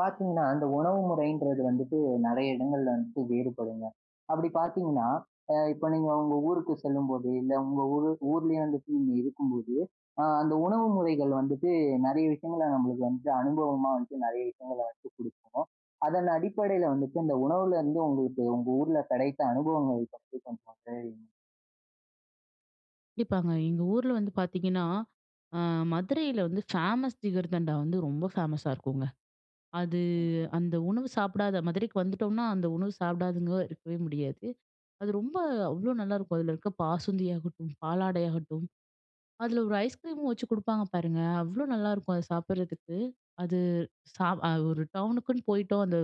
பாத்தீங்கன்னா, அந்த உணவு முறைன்றது வந்துட்டு நிறைய இடங்கள்ல வந்துட்டு வேறுபடுங்க. அப்பிடி பாத்தீங்கன்னா, அ இப்ப நீங்க உங்க ஊருக்கு செல்லும்போது, இல்ல உங்க ஊரு ஊர்லயே வந்துட்டு இருக்கும்போது, அ அந்த உணவு முறைகள் வந்துட்டு நிறைய விஷயங்கள நம்மளுக்கு வந்து அனுபவமா வந்து நிறைய விஷயங்கள வந்து குடுக்கும். அதன் அடிப்படையில வந்துட்டு இந்த உணவுல இருந்து உங்களுக்கு உங்க ஊர்ல கிடைத்த அனுபவங்கள பற்றி கொஞ்சம். [unintelligible] கண்டிப்பாங்க. எங்க ஊர்ல வந்து பார்த்தீங்கன்னா, அ மதுரையில வந்து ஃபேமஸ் ஜிகர்தண்டா வந்து ரொம்ப ஃபேமஸா இருக்குங்க. அது ம். அந்த உணவு சாப்பிடாத மதுரைக்கு வந்துட்டோம்னா, அந்த உணவு சாப்பிடாதங்க இருக்கவே முடியாது. அது ரொம்ப அவ்ளோ நல்லாயிருக்கும். அதுல இருக்க பாசுந்தியாகட்டும், பாலாடையாகட்டும், அதுல ஒரு ஐஸ் கிரீமும் வச்சு குடுப்பாங்க பாருங்க. அவ்ளோ நல்லாயிருக்கும், அத சாப்பிடுறதுக்கு. அது ச அ ஒரு டவுனுக்குன்னு போயிட்டோம், அந்த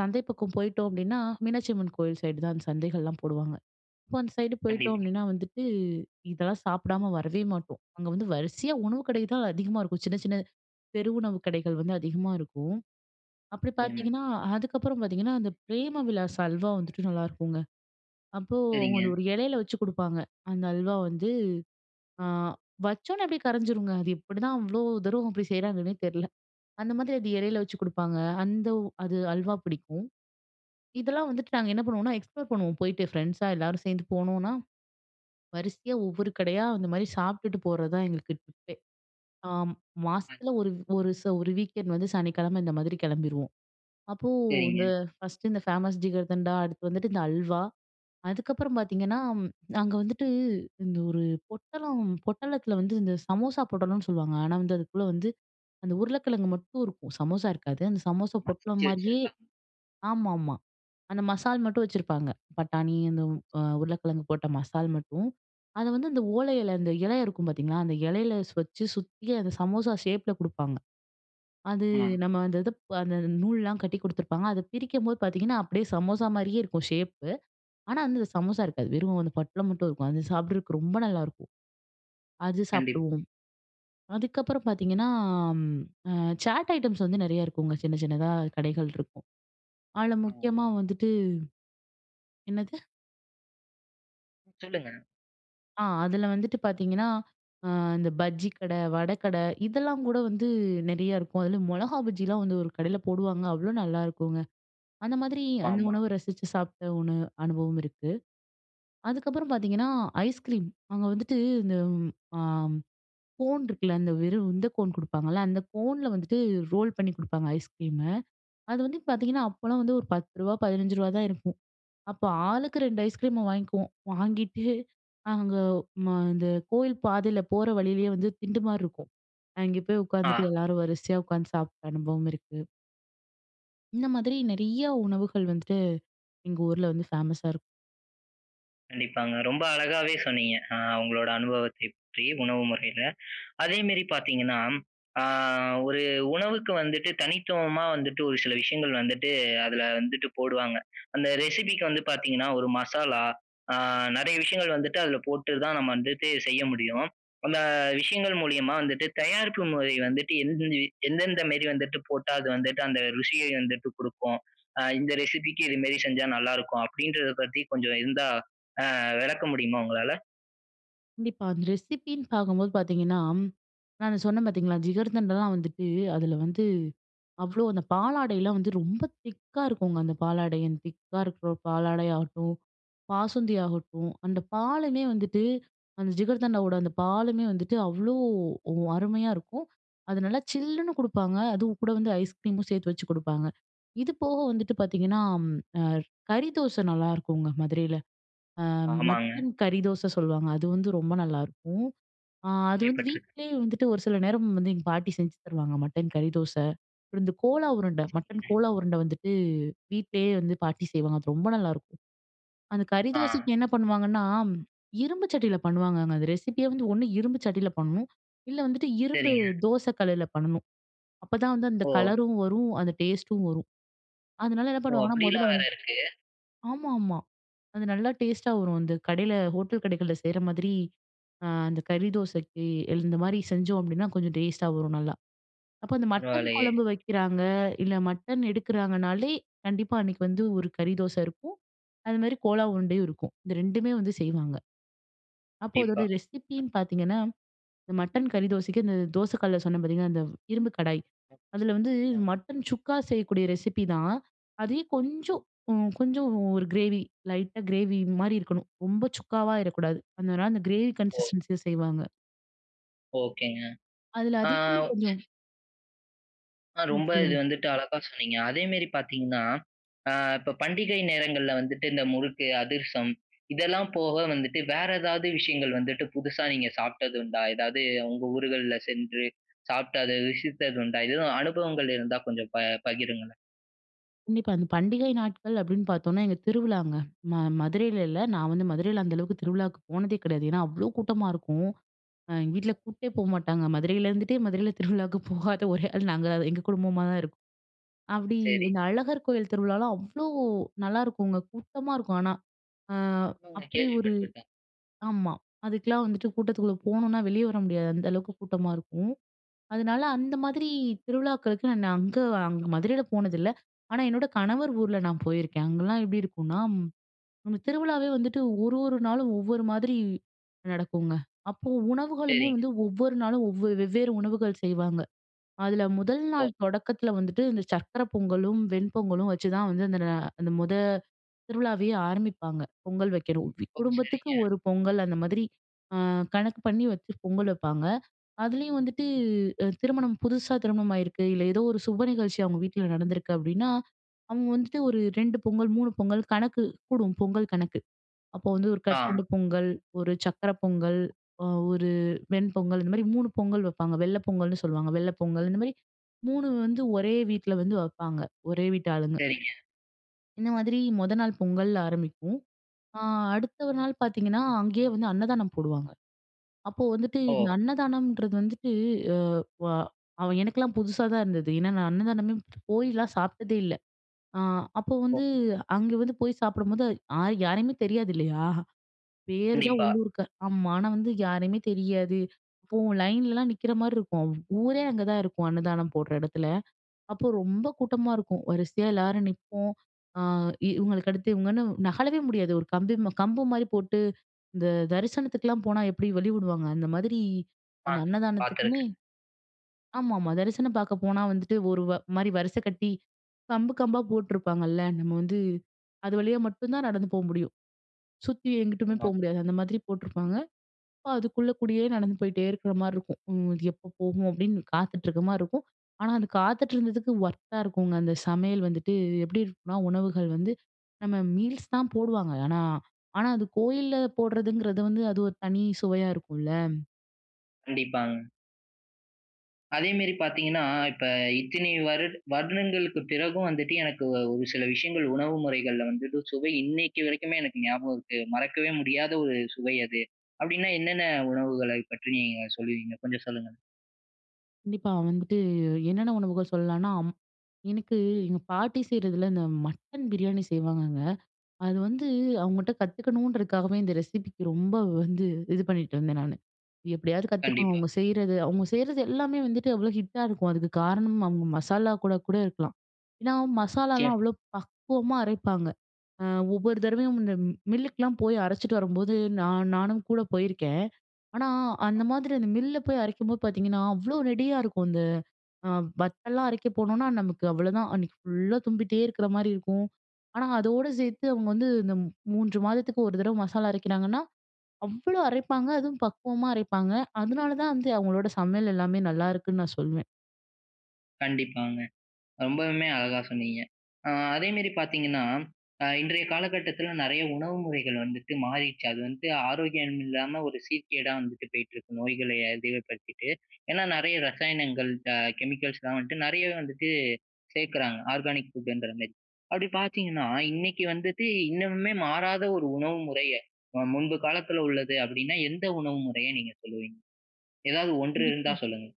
சந்தை பக்கம் போயிட்டோம் அப்பிடின்னா, மீனாட்சி அம்மன் கோவில் சைடு தான் அந்த சந்தைகள்லாம் போடுவாங்க. அப்போ அந்த சைடு போயிட்டோம் கண்டிப்பா. அப்பிடின்னா வந்துட்டு இதெல்லாம் சாப்பிடாம வரவே மாட்டோம். அங்க வந்து வரிசையா உணவு கடை தான் அதிகமா இருக்கும். சின்ன, சின்ன பெரு உணவுக் கடைகள் வந்து அதிகமா இருக்கும். அப்பிடி ம். பார்த்தீங்கன்னா, அதுக்கப்பறம் பார்த்தீங்கன்னா, அந்த பிரேம விலாஸ் அல்வா வந்துட்டு நல்லாருக்குங்க. அப்போ அவுங்க சரிங்க. அந்த ஒரு இலையில வச்சு குடுப்பாங்க. அந்த அல்வா வந்து அ வச்சவுனே அப்பிடியே கரஞ்சிருங்க. அது எப்பிடிதான் அவ்ளோ தூரம் அப்பிடி செய்றாங்கன்னே தெரியல. அந்த மாதிரி அது இலையில வச்சு குடுப்பாங்க. அந்த உ அது அல்வா பிடிக்கும். இதெல்லாம் வந்துட்டு நாங்க என்ன பண்ணுவோமன்னா, எக்ஸ்ப்ளோர் பண்ணுவோம் போயிட்டு ஃப்ரெண்ட்ஸா எல்லாரும் சேர்ந்து போனோனா, வரிசையா ஒவ்வொரு கடையா அந்தமாரி சாப்பிட்டுட்டு போறதுதான் எங்களுக்கு டிப்பே! ஆம் ம். மாசத்துல ஒரு ஒரு ச ஒரு வீக்கெண்ட் வந்து சனிக்கிழம இந்த மாதிரி கிளம்பிருவோம். அப்போ இந்த சரிங்க. 1ஸ்ட் இந்த ஃபேமஸ் ஜிகர்தண்டா, அடுத்து வந்துட்டு இந்த அல்வா, அதுக்கப்பறம் பார்த்தீங்கன்னா, அங்க வந்துட்டு இந்த ஒரு பொட்டலம் பொட்டலத்தில வந்து இந்த சமோசா பொட்டலம்னு சொல்லுவாங்க. ஆனா, வந்து அதுக்குள்ள வந்து அந்த உருளைக்கிழங்கு மட்டும் இருக்கும். சமோசா இருக்காது. அந்த சமோசா பொட்டலம் மறச்சு மாரியே வச்சிருக்காங்க. ஆமாமா அந்த மசால் மட்டும் வச்சிருப்பாங்க. பட்டாணி அந்த ம். அ சரி. உருளைக்கிழங்கு போட்ட மசால் மட்டும். அத வந்து அந்த ஓலை இல அந்த இலை இருக்கும் பார்த்தீங்களா! அந்த இலையில ஸ் வச்சு சுத்தி அந்த சமோசா ஷேப்ல கொடுப்பாங்க. அது ம். நம்ம அந்த இது ப் அந்த நூல்லாம் கட்டி குடுத்துருப்பாங்க, அத பிரிக்கும்போது பார்த்தீங்கன்னா, அப்பிடியே சமோசாமாரியே இருக்கும் ஷேப்பு. ஆனா, வந்து அந்த சமோசா இருக்காது. வெறும் அந்த பொட்டலம் மட்டும் இருக்கும். அது சாப்பிடுறதுக்கு ரொம்ப நல்லாயிருக்கும். அது கண்டிப்பா. சாப்பிடுவோம். அதுக்கப்பறம் பார்த்தீங்கன்னா, ம் அ சாட் ஐட்டம்ஸ் வந்து நிறைய இருக்குங்க. சின்ன, சின்னதா கடைகள் இருக்கும். அதுல ஆ முக்கியமாக ஆமாங்க. வந்துட்டு என்னது? சொல்லுங்க. ஆ, அதில வந்துட்டு பார்த்தீங்கன்னா, அ இந்த பஜ்ஜிக்கடை, வடக்கடை இதெல்லாங்கூட, வந்து நெறைய இருக்கும். அதில மொளகா பஜ்ஜில்லாம் வந்து ஒரு கடைல போடுவாங்க. அவ்ளோ நல்லாருக்குங்க. அந்த மாதிரி அந்த ஆமா. உணவு ரசித்து சாப்ட ஒண்ணு அனுபவம் இருக்கு. அதுக்கப்பறம் பார்த்தீங்கன்னா, ஐஸ்கிரீம். அங்க வந்துட்டு இந்த அ ம் கோன் இருக்ல, அந்த வெறும் இந்த கோன் குடுப்பாங்கல்ல. அந்த கோன்ல வந்துட்டு ரோல் பண்ணி குடுப்பாங்க ஐஸ்கிரீமு. அது வந்து பார்த்தீங்கன்னா, அப்போலாம் வந்து ஒரு ரூ. 10, ரூ. 15 தான் இருக்கும், அப்ப ஆளுக்கு 2 ஐஸ்கிரீம வாங்கிக்குவோம். வாங்கிட்டு அங்க ம இந்த கோயில் பாதைல போற வழிலயே வந்து திண்டு மாரிருக்கும். அங்க போய் உட்காந்துட்டு, ஆ. எல்லாரும் வரிசையா உட்காந்து சாப்ட்ட அனுபவம் இருக்கு. இந்த மாதிரி நெறையா உணவுகள் வந்துட்டு, எங்க ஊர்ல வந்து ஃபேமஸா இருக்கும். கண்டிப்பாங்க. ரொம்ப அழகாவே சொன்னீங்க! அ உங்களோட அனுபவத்தை பற்றி, உணவு முறையில. அதே மேரி பார்த்தீங்கன்னா, அ ஒரு உணவுக்கு வந்துட்டு, தனித்துவமா வந்துட்டு ஒரு சில விஷயங்கள் வந்துட்டு அதுல வந்துட்டு போடுவாங்க. அந்த ரெசிபிக்கு வந்து பார்த்தீங்கன்னா, ஒரு மசாலா அ நிறைய விஷயங்கள் வந்துட்டு அதில போட்டு தான் நம்ம வந்துட்டு செய்ய முடியும். அந்த விஷயங்கள் மூலியமா வந்துட்டு, தயாரிப்பு முறை வந்துட்டு [unintelligible] எந்தெந்த மேரி வந்துட்டு போட்டா அது வந்துட்டு அந்த ருசியை வந்துட்டு குடுக்கும். அ இந்த ரெசிபிக்கு இது மேரி செஞ்சா நல்லாருக்கும், அப்படின்றத பத்தி கொஞ்சம் இருந்தா, அ விளக்க முடியுமா உங்களால? கண்டிப்பா. அந்த ரெசிப்பின்னு பார்க்கும்போது பார்த்தீங்கன்னா, நான் சொன்னேன் பார்த்தீங்களா? ஜிகர்தண்டலாம் வந்துட்டு அதில வந்து அவ்வளோ அந்த பாலாடைலாம் வந்து ரொம்ப திக்கா இருக்குங்க. அந்த பாலாடை அந்த திக்கா இருக்க பாலாடை ஆகட்டும், பாசுந்தி ஆகட்டும், அந்த பாலுமே வந்துட்டு அந்த ஜிகர்தண்டாவோட அந்த பாலுமே வந்துட்டு அவ்வளோ ஒ அருமையா இருக்கும். அது நல்லா சில்லுன்னு குடுப்பாங்க, அதுவும் கூட வந்து ஐஸ்கிரீமும் சேர்த்து வச்சு கொடுப்பாங்க. இது போக வந்துட்டு பார்த்தீங்கன்னா, அ கறி தோச நல்லாருக்குங்க மதுரையில. அ ஆமாங்க. மட்டன் கறி தோச சொல்லுவாங்க. அது வந்து ரொம்ப நல்லாருக்கும். அ அது வந்து கேள்விப்பட்டிருக்கேன். வீட்டிலேயே வந்துட்டு ஒரு சில நேரம் வந்து எங்க பாட்டி செஞ்சு தருவாங்க. மட்டன் கறி தோச, அப்புறம் இந்த கோலா உருண்ட. மட்டன் சரிங்க. கோலா உருண்ட வந்துட்டு வீட்லேயே வந்து பாட்டி செய்வாங்க. அது ரொம்ப நல்லாருக்கும். அந்த கறி ஆ. தோசைக்கு என்ன பண்ணுவாங்கன்னா, இரும்பு சட்டியில பண்ணுவாங்கங்க. அந்த ரெசிப்பியே வந்து ஒரு இரும்பு சட்டியில பண்ணும். இல்ல வந்துட்டு இரும்பு சரிங்க. தோச கல்லுல பண்ணணும். அப்பதான் வந்து அந்த ஓ! கலரும் வரும், அந்த டேஸ்ட்டும் வரும். அதனால என்ன ஓ! பண்ணுவாங்கன்னா முதல்ல அப்படியெல்லாம் வேற வந்து இருக்கு. ஆமா, ஆமா. அது நல்லா டேஸ்ட்டா வரும். அந்த கடையில ஹோட்டல் கடைகள்ல செய்ற மாதிரி அ அந்த கறி தோசைக்கு இல் இந்த மாதிரி செஞ்சோம் அப்படீன்னா கொஞ்சம் டேஸ்ட்டா வரும் நல்லா. அப்போ அந்த மட்டன் பரவால்லையே! குழம்பு வைக்கிறாங்க, இல்ல மட்டன் எடுக்கிறாங்கனாலே கண்டிப்பா அன்னைக்கு வந்து ஒரு கறி தோச இருக்கும். அதுமாரி கோலா உருண்டையும் இருக்கும். இந்த ரெண்டுமே வந்து செய்வாங்க. அப்போ அதோட கண்டிப்பா. ரெசிப்பின்னு பார்த்தீங்கன்னா, இந்த மட்டன் கறி தோசைக்கு இந்த தோசக்கல்ல சொன்னேன் பார்த்தீங்களா, அந்த இரும்பு கடாய். அதில வந்து ம். மட்டன் சுக்கா செய்யக்கூடிய ரெசிப்பி தான். அதே ம். கொஞ்சம் உ கொஞ்சம் உ ஒரு கிரேவி லைட்டா கிரேவி மாரி இருக்கணும். ரொம்ப சுக்காவாயிறக்கூடாது அதனால அந்த கிரேவி ஓ! கன்சிஸ்டன்ஸில செய்வாங்க. ஓகேங்க. அதில ஆ அதிகமா கொஞ்சம் ஆ. ம். ரொம்ப இது சொல்லுங்க. வந்துட்டு அழகா சொன்னீங்க. அதேமாரி பார்த்தீங்கன்னா, அ இப்ப பண்டிகை நேரங்கள்ல வந்துட்டு இந்த முறுக்கு, அதிர்சம் இதெல்லாம் போக வந்துட்டு, வேற ஏதாவது விஷயங்கள் வந்துட்டு புதுசா நீங்க சாப்பிட்டதுண்டா? எதாவது உங்க ஊர்கள்ல சென்று சாப்பிட்டு அத ருசித்ததுண்டா? எதுவும் அனுபவங்கள் இருந்தா கொஞ்சம் ப பகிருங்களேன். கண்டிப்பா. அந்த பண்டிகை நாட்கள் அப்படீன்னு பார்த்தோம்னா, எங்க திருவிழாங்க. நா மதுரையில இல்ல. நான் வந்து மதுரையில அந்த அளவுக்கு திருவிழாக்கு போனதே கிடையாது. ஏன்னா அவ்வளோ கூட்டமா இருக்கும். அ எங்க வீட்ல கூட்டே போமாட்டாங்க. மதுரையில இருந்துட்டே மதுரையில திருவிழாக்கு போகாத ஒரே ஆள் நாங்கதான் எங்க குடும்பமா தான் இருக்கும். அது அப்படி சரி. இந்த அழகர் கோயில் திருவிழாலாம் அவ்வளோ நல்லாயிருக்குங்க. கூட்டமா இருக்கும் ஆனா. அ ம். நா அப்படி கேள்வி ஒரு பட்ருக்கேன். ஆமா. அதுக்கெல்லாம் வந்துட்டு கூட்டத்துக்குள்ள போனோம்னா வெளிய வர முடியாது. அந்த அளவுக்கு கூட்டமா இருக்கும். அதனால அந்த மாதிரி திருவிழாக்களுக்கு நான் அங்க அங் மதுரையில போனதில்ல. ஆனா என்னோட கணவர் ஊர்ல நான் போயிருக்கேன். அங்கல்லாம் எப்டி இருக்கும்னா, ம் திருவிழாவே வந்துட்டு 1 1 நாளும் ஒவ்வொரு மாதிரி நடக்குங்க. அப்போ உணவுகளுமே சரிங்க. வந்து ஒவ்வொரு நாளும் ஒவ்வ வெவ்வேறு உணவுகள் செய்வாங்க. அதில 1 ஓ! நாள் தொடக்கத்தில வந்துட்டு, இந்த சர்க்கரை பொங்கலும், வெண்பொங்கலும் வச்சுதான் வந்து, அந்த ந அந்த 1 திருவிழாவையே ஆரம்பிப்பாங்க. பொங்கல் வைக்கணும். [unintelligible] ஓ! குடும்பத்துக்கு சரிங்க. ஒரு பொங்கல் அந்த மாதிரி, அ கணக்கு பண்ணி வச்சு பொங்கல் வைப்பாங்க. அதுலேயும் வந்துட்டு, திருமணம் புதுசா திருமணம் ஆயிருக்கு, இல்ல ஏதோ ஒரு சுப நிகழ்ச்சி அவங்க வீட்ல நடந்திருக்கு அப்படீன்னா, அவங்க வந்துட்டு ஒரு 2 பொங்கல் 3 பொங்கல் கணக்கு கூடும். பொங்கல் கணக்கு. அப்போ வந்து 1 ஆ. கற்கண்டு பொங்கல், 1 சக்கரை பொங்கல், அ 1 வெண் பொங்கல் இந்த மாதிரி 3 பொங்கல் வைப்பாங்க. வெள்ள பொங்கல்னு சொல்லுவாங்க. வெள்ள பொங்கல். இந்த மாரி 3 வந்து ஒரே வீட்ல வந்து வைப்பாங்க, ஒரே வீட்டாளுங்க. சரிங்க. இந்த மாதிரி, மொத நாள் பொங்கல் ஆரம்பிக்கும். அ அடுத்த ஒரு நாள் பார்த்தீங்கன்னா, அங்கேயே வந்து அன்னதானம் போடுவாங்க. அப்போ வந்துட்டு இந்த ஓ. அன்னதானம்ன்றது வந்துட்டு எ வ அவ எனக்கெல்லாம் புதுசா தான் இருந்தது. ஏன்னா நான் அன்னதானமே போய்லாம் சாப்பிட்டதே இல்ல. அ அப்போ ஓ. வந்து அங்க வந்து போய் சாப்பிடும்போது, ஆள் யாரையுமே தெரியாது இல்லையா? பேர் தான் கண்டிப்பா. உள்ளூர்கார். ஆமா. ஆனா வந்து யாரையுமே தெரியாது. அப்போ லைன்லல்லாம் நிக்கிற மாரி இருக்கும். ஊரே அங்கதான் இருக்கும் அன்னதானம் போடுற இடத்துல. அப்போ ரொம்ப கூட்டமா இருக்கும். வரிசையா எல்லாரும் நிப்போம். அ இவுங்களுக்கு அடுத்து இவுங்கன்னு நகழவே முடியாது. ஒரு கம்பி ம கம்பு மாரி போட்டு, இந்த தரிசனத்துக்குலாம் போனா எப்படி வழி விடுவாங்க, அந்த மாதிரி ஆ. அந்த அன்னதானத்துக்குமே பாத்திருக்கேன். ஆமாமா. தரிசனம் பார்க்க போனா வந்துட்டு ஒரு வ மாரி வரிசை கட்டி, கம்பு கம்பா போட்டுருப்பாங்கல்ல, நம்ம வந்து அது வழியா மட்டும் தான் நடந்து போ முடியும். சுத்தி எங்கிட்டுமே போ ஆமா. முடியாது. அந்த மாதிரி போட்டிருப்பாங்க. அப்போ அதுக்குள்ளகூடியே நடந்து போயிட்டே இருக்கிற மாரி இருக்கும். ம் அது எப்போ போகும் அப்படீன்னு காத்துட்டிருக்க மாரி இருக்கும். ஆனால அது காத்துட்டிருந்ததுக்கு ஒர்த்தா இருக்குங்க. அந்த சமையல் வந்துட்டு எப்படி இருக்கும்னா, உணவுகள் வந்து நம்ம மீல்ஸ் தான் போடுவாங்க. ஆனா, ஆனா அது கோயில்ல போடுறதுங்கிறது வந்து அது ஒரு தனி சுவையா இருக்கும்ல. கண்டிப்பாங்க. அதேமெரி பார்த்தீங்கன்னா, இப்ப இத்தினி வருட வருடங்களுக்குப் பிறகும் வந்துட்டு, எனக்கு வ ஒரு சில விஷயங்கள் உணவு முறைகள்ல வந்துட்டு சுவை இன்னக்கி வரைக்குமே, எனக்கு ஞாபகம் இருக்கு. மறக்கவே முடியாத ஒரு சுவை அது. அப்பிடின்னா, என்னென்ன உணவுகளை பற்றி நீங்க சொல்லுவீங்க. கொஞ்சம் சொல்லுங்க. கண்டிப்பா வந்துட்டு என்னென்ன உணவுகள் சொல்லலானா, அம் எனக்கு எங்க பாட்டி செய்கிறதில இந்த மட்டன் பிரியாணி செய்வாங்கங்க, அது வந்து அவங்கட்ட கத்துக்கணுன்றதுக்காகவே இந்த ரெசிப்பிக்கு ரொம்ப வந்து இது பண்ணிட்டு இருந்தேன் நானு. எப்பிடியாவது கத்துக்கணும் கண்டிப்பா. அவுங்க செய்றது, அவுங்க செய்றது எல்லாமே வந்துட்டு அவ்ளோ ஹிட்டா இருக்கும். அதுக்கு காரணம், அவுங்க மசாலா கூட, கூட இருக்கலாம். ஏன்னா, மசாலாலாம் நிச்சயமா. அவ்ளோ பக்குவமா அரைப்பாங்க. அ ஒவ்வொரு ம். தடவையும் இந்த மில்லுக்கெல்லாம் போய் அரச்சுட்டு வரும்போது, நான் நானும் கூட போயிருக்கேன். ஆனா, அ. அந்த மாதிரி அந்த மில்ல போய் அரைக்கும்போது பார்த்தீங்கன்னா, அவ்ளோ நெடியா இருக்கும். அந்த அ வத்தல்லாம் அரைக்க போனோனா, நமக்கு அவ்ளதான். அன்னக்கி ஃபுல்லா தும்பிட்டே இருக்கிற மாரி இருக்கும். ஆனா, அதோட சேர்த்து அவுங்க வந்து இந்த 3 மாதத்துக்கு ஒரு தடவ மசாலா அரைக்கிறாங்கன்னா, அவ்ளோ அரைப்பாங்க! அதுவும் பக்குவமா அரைப்பாங்க. அதுனால தான் வந்து, அவுங்களோட சமையல் எல்லாமே நல்லாயிருக்குன்னு நான் சொல்வேன். கண்டிப்பாங்க. ரொம்பவுமே அழகா சொன்னீங்க. அ அதேமாரி பார்த்தீங்கன்னா, அ இன்றைய காலகட்டத்தில நிறைய உணவு முறைகள் வந்துட்டு மாறிருச்சு. அது வந்து ஆரோக்கியம் இல்லாம ஒரு சீர்கேடா வந்துட்டு போயிட்டுருக்கு. நோய்கள அதிகப்படுத்திட்டு. ஏன்னா, நெறைய ரசாயனங்கள் அ கெமிக்கல்ஸ்லாம் வந்துட்டு, நெறையவே வந்துட்டு சேர்க்குறாங்க. ஆர்கானிக் ஃபுட்டுன்றமாரி. அப்பிடி பார்த்தீங்கன்னா, இன்னைக்கி வந்துட்டு இன்னமுமே மாறாத ஒரு உணவு முறைய அ முன்பு காலத்தில உள்ளது அப்பிடின்னா, எந்த உணவு முறைய நீங்க சொல்லுவீங்க? எதாவது 1 இருந்தா கண்டிப்பா. சொல்லுங்க.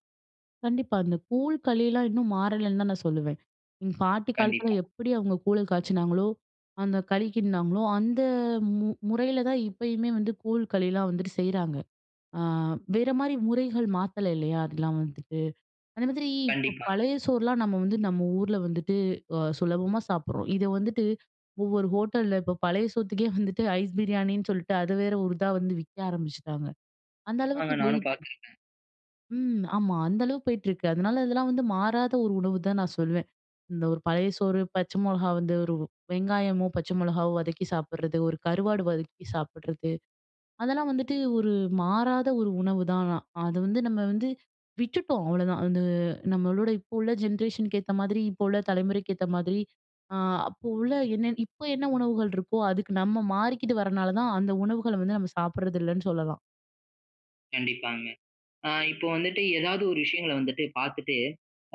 கண்டிப்பா. அந்த கூழ், களில்லாம் இன்னும் மாறலன்னு தான் நான் சொல்லுவேன். எங்க பாட்டி காலத்தில கண்டிப்பா. எப்பிடி அவுங்க கூழ காய்ச்சினாங்களோ, அந்த களிக்கிண்ட்னாங்களோ, அந்த மு முறையில தான் இப்பயுமே வந்து கூழ், களில்லாம் வந்துட்டு செய்றாங்க. ஆ வேறமாரி முறைகள் மாத்தல இல்லையா, அதுக்கெல்லாம் வந்துட்டு. அந்த மாதிரி இப்ப கண்டிப்பா. பழைய சோறுலாம் நம்ம வந்து நம்ம ஊர்ல வந்துட்டு, அ சுலபமா சாப்பிடுறோம். இத வந்துட்டு ஒவ்வொரு ஹோட்டல்ல இப்ப பழைய சோத்த்துக்கே வந்துட்டு ஐஸ் பிரியாணின்னு சொல்ட்டு, அது வேற ஒரு இதா வந்து விக்க ஆரம்பிச்சுட்டாங்க. அந்த அளவுக்கு ஆங்க நானும் போயிடுச்சு. பார்த்திருக்கேன். ம். ஆமா. அந்த அளவுக்கு போயிட்டுருக்கு. அதனால இதெல்லாம் வந்து மாறாத ஒரு உணவுதான் நான் சொல்வேன். இந்த ஒரு பழைய சோறு, பச்ச மொளகா வந்து ஒரு வெங்காயமோ! பச்சை மிளகாவோ! வதக்கி சாப்பிட்றது, ஒரு கருவாடு வதக்கி சாப்பிட்றது, அதெல்லாம் வந்துட்டு ஒரு மாறாத ஒரு உணவுதான் ஆனா. அது வந்து நம்ம வந்து விட்டுட்டோம் அவ்வளதான். அது நம்மளோட இப்போ உள்ள ஜென்ரேஷனுக்கு ஏத்த மாதிரி இப்ப உள்ள தலைமுறைக்கு ஏத்த மாதிரி, அ அப்போ உள்ள என்ன இப்போ என்ன உணவுகள் இருக்கோ, அதுக்கு நம்ம மாறிக்கிட்டு வரனாலதான், அந்த உணவுகள வந்து நம்ம சாப்பிடுறது இல்லன்னு சொல்லலாம். கண்டிப்பாங்க. அ இப்போ வந்துட்டு ஏதாவது ஒரு விஷயங்களை வந்துட்டு பார்த்துட்டு,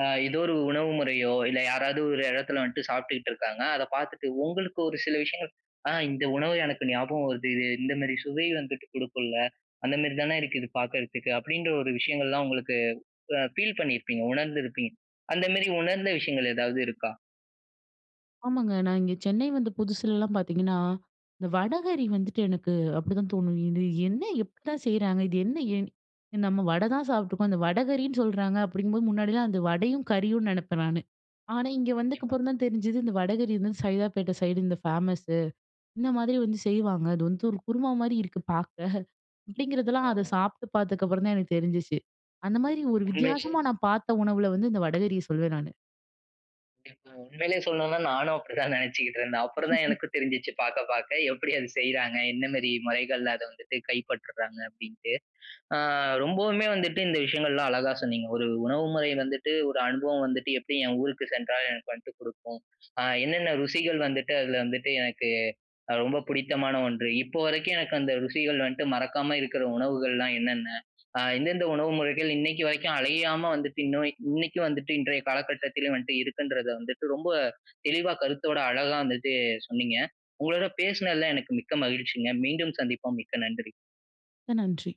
அ ஏதோ ஒரு உணவு முறையோ இல்லை, யாராவது ஒரு இடத்தில வந்துட்டு சாப்பிட்டுகிட்டு இருக்காங்க. அத பார்த்துட்டு உங்களுக்கு ஒரு சில விஷயங்கள் "அ இந்த உணவு எனக்கு ஞாபகம் வருது. இது இந்த மேரி சுவை வந்துட்டு குடுக்கும்ல. அந்த மேரி தானே இருக்கு பார்க்குறத்துக்கு" அப்படின்ற ஒரு விஷயங்கள்லாம் உங்களுக்கு உ அ ஃபீல் பண்ணியிருப்பீங்க உணர்ந்திருப்பீங்க அந்த மாரி உணர்ந்த விஷயங்கள் ஏதாவது இருக்கா? ஆமாங்க. நான் இங்க சென்னை வந்த புதுசுலலாம் பார்த்தீங்கன்னா, இந்த வடகறி வந்துட்டு எனக்கு, அப்படிதான் தோணும். இது என்ன எப்படிதான் செய்றாங்க. இது என்ன எ நம்ம வடை தான் சாப்பிட்டுருக்கோம். அந்த வடகறின்னு சொல்றாங்க. அப்படிங்கும்போது, முன்னாடிலாம் அந்த வடையும், கறியும் நினைப்பேன் நானு. ஆனா இங்க கண்டிப்பா. வந்ததுக்கப்புறம் தான் தெரிஞ்சது. இந்த வடகரி வந்து, சைதாப்பேட்டை சைடு இந்த ஃபேமஸு. இந்த மாதிரி வந்து செய்வாங்க. அது வந்து ஒரு குருமா மாரி இருக்கு பாக்க. அப்படிங்கிறதெல்லாம் அதை ஆமாங்க. சாப்பிட்டு பார்த்ததுக்கப்புறம் தான் எனக்கு தெரிஞ்சுச்சு. அந்த மாரி ஒரு உண்மையிலே. வித்தியாசமா நான் பாத்த உணவுல வந்து இந்த வடகரியை சொல்வேன் நானு. கண்டிப்பாங்க. உண்மையிலே சொல்லனுன்னா நானும் அப்படிதான் நினைச்சுக்கிட்டு இருந்தேன். அப்புறம் தான் எனக்கு தெரிஞ்சுச்சு. பாக்க பாக்க எப்படி அத செய்றாக, என்ன மாரி முறைகள்ல அத வந்துட்டு கைப்பற்றுறாங்க அப்படின்னுட்டு. அ ரொம்பவுமே வந்துட்டு இந்த விஷயங்கள்லாம் அழகா சொன்னிங்க. ஒரு உணவு முறை வந்துட்டு, ஒரு அனுபவம் வந்துட்டு, எப்படி என் ஊருக்கு சென்றால் எனக்கு வந்துட்டு குடுக்கும். அ என்னென்ன ருசிகள் வந்துட்டு அதில வந்துட்டு எனக்கு அ ரொம்ப பிடித்தமான 1. இப்போ வரைக்கும் எனக்கு அந்த ருசிகள் வந்துட்டு மறக்காம இருக்கிற உணவுகள்லாம் என்னென்ன. அ எந்தெந்த உணவு முறைகள் இன்னைக்கு வரைக்கும் அழியாம வந்துட்டு, இன்னும் இன்னைக்கும் வந்துட்டு, இன்றைய காலக்கட்டத்திலும் வந்துட்டு இருக்குன்றத வந்துட்டு, ரொம்ப தெளிவாக கருத்தோட அழகா வந்துட்டு சொன்னீங்க. உங்களோட பேசினதில எனக்கு மிக்க மகிழ்ச்சிங்க. மீண்டும் சந்திப்போம். மிக்க நன்றி. மிக்க நன்றி.